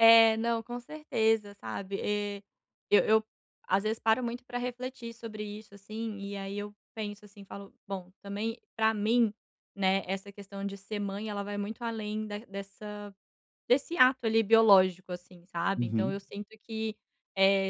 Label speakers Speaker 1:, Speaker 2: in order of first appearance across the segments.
Speaker 1: É, não, com certeza, sabe? Eu eu às vezes paro muito para refletir sobre isso, assim, e aí eu penso, assim, falo: "Bom, também para mim, né, essa questão de ser mãe, ela vai muito além da dessa desse ato ali biológico, assim.", sabe, então
Speaker 2: Uhum.
Speaker 1: eu sinto que,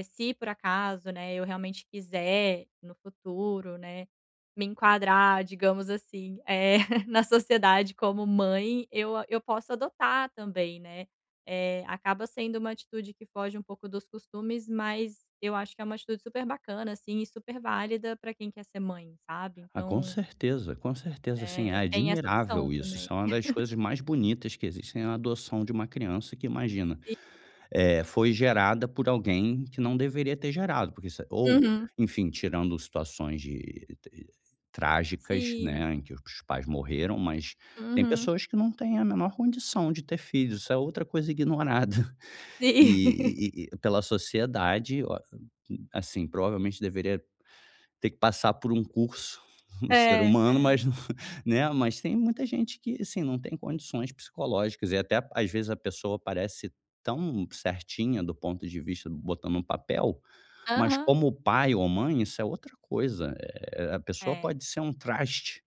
Speaker 1: se por acaso não é eu, realmente quiser no futuro, né, me enquadrar digamos, assim, é na sociedade como mãe, eu eu posso adotar também, né. Eh, acaba sendo uma atitude que foge um pouco dos costumes mas eu acho que é uma atitude super bacana, assim, e super válida para quem quer ser mãe, sabe,
Speaker 2: Ah, com
Speaker 1: então
Speaker 2: certeza, com certeza, assim, é
Speaker 1: É, tem essa opção
Speaker 2: admirável isso
Speaker 1: também.
Speaker 2: isso é uma das coisas mais bonitas que existem na adoção de uma criança que imagina,
Speaker 1: Sim.
Speaker 2: eh, foi gerada por alguém, que não deveria ter gerado, porque isso ou,
Speaker 1: Uhum.
Speaker 2: enfim, tirando situações de trágicas não
Speaker 1: Sim.
Speaker 2: é, em que os pais morreram mas tem
Speaker 1: Uhum.
Speaker 2: pessoas que não têm a menor condição de ter filhos, isso é outra coisa ignorada,
Speaker 1: Sim.
Speaker 2: e e pela sociedade, assim, provavelmente deveria ter que passar por um curso, no ser
Speaker 1: É,
Speaker 2: humano
Speaker 1: é.
Speaker 2: mas, né, mas tem muita gente que, assim, não tem condições psicológicas e até, às vezes, a pessoa parece tão certinha do ponto de vista, botando em um papel, mas
Speaker 1: Aham.
Speaker 2: como pai ou mãe isso é outra coisa, eh, a pessoa
Speaker 1: É.
Speaker 2: pode ser um traste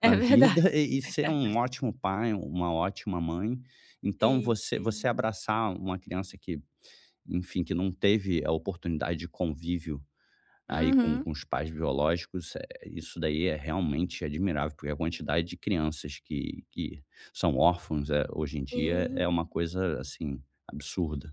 Speaker 1: É
Speaker 2: na vida,
Speaker 1: verdade.
Speaker 2: e e ser um ótimo pai, uma ótima mãe, então,
Speaker 1: Sim,
Speaker 2: você você
Speaker 1: sim.
Speaker 2: abraçar uma criança que, enfim, que não teve a oportunidade de convívio, aí com
Speaker 1: Uhum.
Speaker 2: com os pais biológicos, isso, eh, isso daí é realmente admirável, porque a quantidade de crianças que que são órfãos, eh, hoje em dia é
Speaker 1: Sim.
Speaker 2: uma coisa, assim, absurda.